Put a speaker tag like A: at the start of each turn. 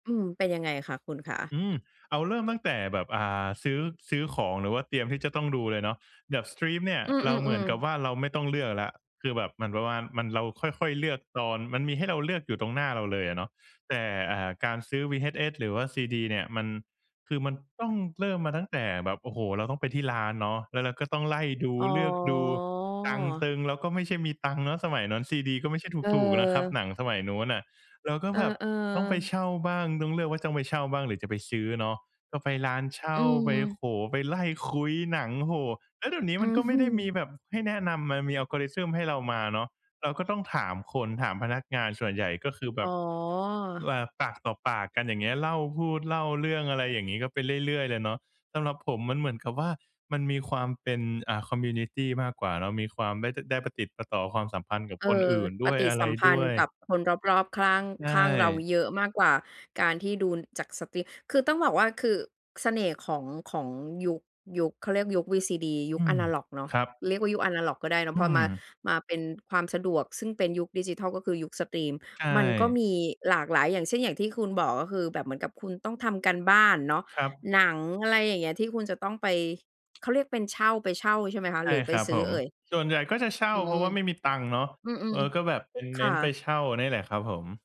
A: อืม เป็นยังไงคะคุณคะ?
B: อืม เอาเริ่มตั้งแต่แบบ อ่า ซื้อ ซื้อของหรือว่าเตรียมที่จะต้องดูเลยเนาะ แบบสตรีมเนี่ย
A: อื
B: เราเหมือ
A: อ
B: นก
A: ๆ
B: ับ
A: ๆ
B: ว่า เราไม่ต้องเลือกแล้ว คือแบบมัน ประมาณ เราค่อย ๆ เลือกตอน มันมีให้เราเลือกอยู่ตรงหน้าเราเลยอะเนาะ แต่ อ่า การซื้อวีเอชเอส หรือว่าซีดีเนี่ย มัน คือมันต้องเริ่มมาตั้งแต่แบบ โอ้โฮ! เราต้องไปที่ร้านเนาะ แล้วเราก็ต้องไล่ดู
A: อ๋
B: เลือกดู ตังค์ต
A: อ
B: ึง เราก็ไม่ใช่มีตังค์เนาะสมัยนั้น ซีดีก็ไม่ใช่ถูก ๆ นะครับ
A: เออ
B: หนังสมัยนู้นน่ะ เราก็
A: เอ
B: แบบ
A: อ
B: ต้องไป
A: ๆ
B: เช่าบ้าง ต้องเลือกว่าจะไปเช่าบ้าง หรือจะไปซื้อเนาะ ก็ไปร้านเช่
A: อ
B: า
A: ื
B: ไป โอ้
A: ม
B: โฮ! ไปไล่คุ้ยหนัง โอ้โฮ แล้วเดี๋ยวนี้
A: อ
B: มั
A: ื
B: น
A: ้
B: ก
A: อ
B: ็ไ
A: ฮ
B: ม่
A: ื
B: ได้มี
A: อ
B: แบบให้แนะนำ มันมี Algorithm ให้เรามาเนาะ เราก็ต้องถามคน ถามพนักงานส่วนใหญ่ก็คือแบ
A: อ๋อ
B: บ เอ่อ ปากต่อปากกัน อย่างเงี้ย เล่าพูด เล่าเรื่องอะไรอย่างงี้ ก็ไปเรื่อย ๆ เลยเนาะ สำหรับผมมันเหมือนกับว่า มันมีความเป็น อ่า คอมมิวนิตี มากกว่าเนาะ มีความได้ ต ได้ประติดประต่อความสัมพันธ์กับ
A: เอ
B: ค
A: ่
B: น
A: อ
B: อื่นด
A: ป
B: ้วย
A: ฏิ
B: อะ
A: ส
B: ไร
A: ัมพ
B: ด
A: ัน
B: ้
A: ธ
B: ว
A: ์
B: ย
A: กับคนรอบ ๆ ขล้าง
B: ใช
A: ข้างเรา
B: ่
A: เยอะมากกว่า การที่ดูจากสตรีม คือต้องบอกว่า คือเสน่ห์ของ ของยุค ยุค เขาเรียกยุคซีดี ยุ
B: อ
A: ค
B: ื
A: อ
B: ม
A: นาล็อกเนาะ
B: ครับ
A: เรียกว่ายุคอนาล็อกก็ได้เนา
B: อ
A: ะ
B: ื
A: พอมา
B: ม
A: มาเป็นความสะดวก ซึ่งเป็นยุคดิจิทัล ก็คือยุคสตรีม
B: ใช
A: มันก็
B: ่
A: มีหลากหลาย อย่างเช่น อย่างที่คุณบอก ก็คือแบบเหมือนกับคุณต้องทำการบ้านเนาะ
B: ครับ
A: หนัง อะไรอย่างเงี้ย ที่คุณจะต้องไป เขาเรียกเป็นเช่า ไปเช่า ใช่ไหมคะ
B: ใช่
A: หรือไป
B: ครับ
A: ซ
B: ผ
A: ื้อ
B: ม
A: เอ่ย? อืม
B: ส่วนใหญ่ก็จะเช่า
A: อื
B: เพราะ
A: ม
B: ว่าไม่มีตังค์เนาะ
A: อื
B: เอ
A: ม
B: อ ก็แบบเป็น
A: ๆ ค
B: เน้
A: ่
B: นไป
A: ะ
B: เช่านี่แหละครับผม